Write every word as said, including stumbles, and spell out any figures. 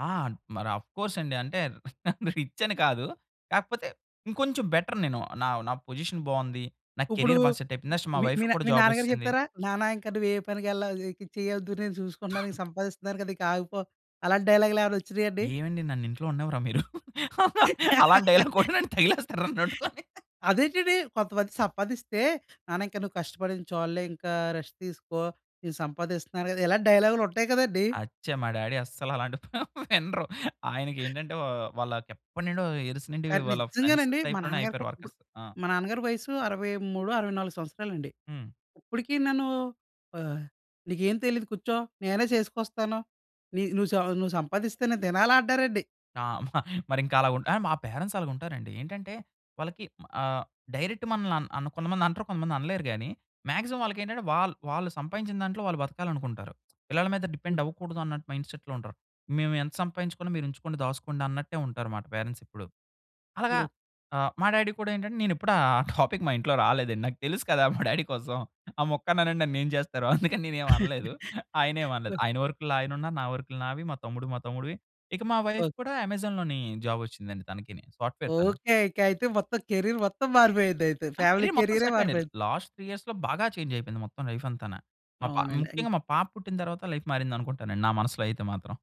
ఆ! మరి అఫ్‌కోర్స్ అండి. అంటే రిచ్ అని కాదు. కాకపోతే ఇంకొంచెం బెటర్ నేను. నా, నా పొజిషన్ బావుంది. నా ఇప్పుడు క్యారియర్ బా సెట్ అయిపోయింది. నెక్స్ట్ మా మీ, మీ వైఫ్‌కి నా కూడా మీ జాబ్ నాన్నగారు ఒచేసింది. చెప్తారా? నాన్న ఇంకా నువ్వు ఏ పనికి యెల్లో, ఇక చేయొద్దు నేను చూసుకున్నా సంపాదిస్తున్నాను కదా! ఇకాగిపో. అలాంటి డైలాగ్‌లు ఏమైనా వచ్చినాయండి? ఏమండి నన్ను ఇంట్లో ఉంన్నీవ్వరా మీరు? అలాంటి డైలాగ్ కూడా నన్ను తగిలేస్తారు నాన్నట్టుకొని. అదేంటంటి. కొంతమంది సంపాదిస్తే నాన్న ఇంకా నువ్వు కష్టపడింది చాల్లే. ఇంకా రెస్ట్ తీసుకో. నేను సంపాదిస్తున్నారు కదా! ఇలాంటి డైలాగ్‌లు ఉంటాయి కదండీ. అచ్చ! మా డాడీ అస్సలు అలాంటి ప వినరు. ఆయనకి ఏంటంటే ఆహ్, వాళ్ళకి ఎప్పటినుండో ఎరిస్ నుండి కానీ వాళ్ళ ఫ్రెండ్స్ నిజంగానండి. మా టైప్‌లోనే నాన్నగారు‌కు అయిపోయారు ఇప్పు వర్కర్స్. ఆ! మా నాన్నగారి వయస్సు అరవై మూడో, అరవై నాలుగు సంవత్సరాలండి. హ్మ్. ఇప్పటికి నన్ను ఆహ్, నీకేం తెలీదు కూర్చో. నేనే చేసుకొస్తాను. నీ నువ్వు, నువ్వు సంపాదిస్తేనే తినాలా అంటారండి. ఆ! మ మరింక అలా ఉ మా పేరెంట్స్ అలగుంటారండి. ఏంటంటే వాళ్ళకి ఆహ్, డైరెక్ట్ మనల్ని అన్ అన్ కొంతమంది అంటారు కొంతమంది అనలేరు గాని, మాక్సిమం వాళ్ళకి ఏంటంటే వాళ్ళు, వాళ్ళు సంపాదించిన దాంట్లో వాళ్ళు బతకాలి అనుకుంటారు. పిల్లల మీద డిపెండ్ అవ్వకూడదు అన్నట్టు మైండ్‌సెట్‌లో ఉంటారు. మేము ఎంత సంపాదించుకున్నా మీరు ఉంచుకోండి. దాసుకోండి అన్నట్టే ఉంటారనమాట పేరెంట్స్ ఇప్పుడు. అలాగా గొ ఆహ్, మా డాడీ కూడా ఏంటంటే నేను ఎప్పుడు ఆ ఆ టాపిక్ మా ఇంట్లో రాలేదండి నాకు తెలుసు కదా! మా డాడీ కోసం ఆ మొక్కని అనండి నన్ను ఏం చేస్తారో అందుకని నేను ఏమి అనలేదు. ఆయనేమి అనలేదు ఆయన వర్క్‌లో ఆయన ఉన్నారు నా వర్క్‌లో నావి, మా తమ్ముడు మా తమ్ముడివి ఇక మా వైఫ్ ఓకే. కూడా 'అమెజాన్‌లోనే' జాబ్ వచ్చిందండి తనకిని సాఫ్ట్‌వేర్ తను. ఓకే. ఇక అయితే మొత్తం కేరియర్ మొత్తం మారిపోయిందయితే. నా ఫ్యామిలీ కేరియర్ మొత్తం కేరియరె సెటిల్ అయింది. మారిపోయింది. లాస్ట్ త్రీ ఇయర్స్‌లో బాగా చేంజ్ అయిపోయింది మొత్తం లైఫ్ అంతాన. మా పా అవునండి. అయి ముఖ్యంగా మా పాప పుట్టిన తరువాత లైఫ్ మారింది అనుకుంటానండి నా మనసులో అయితే మాత్రం.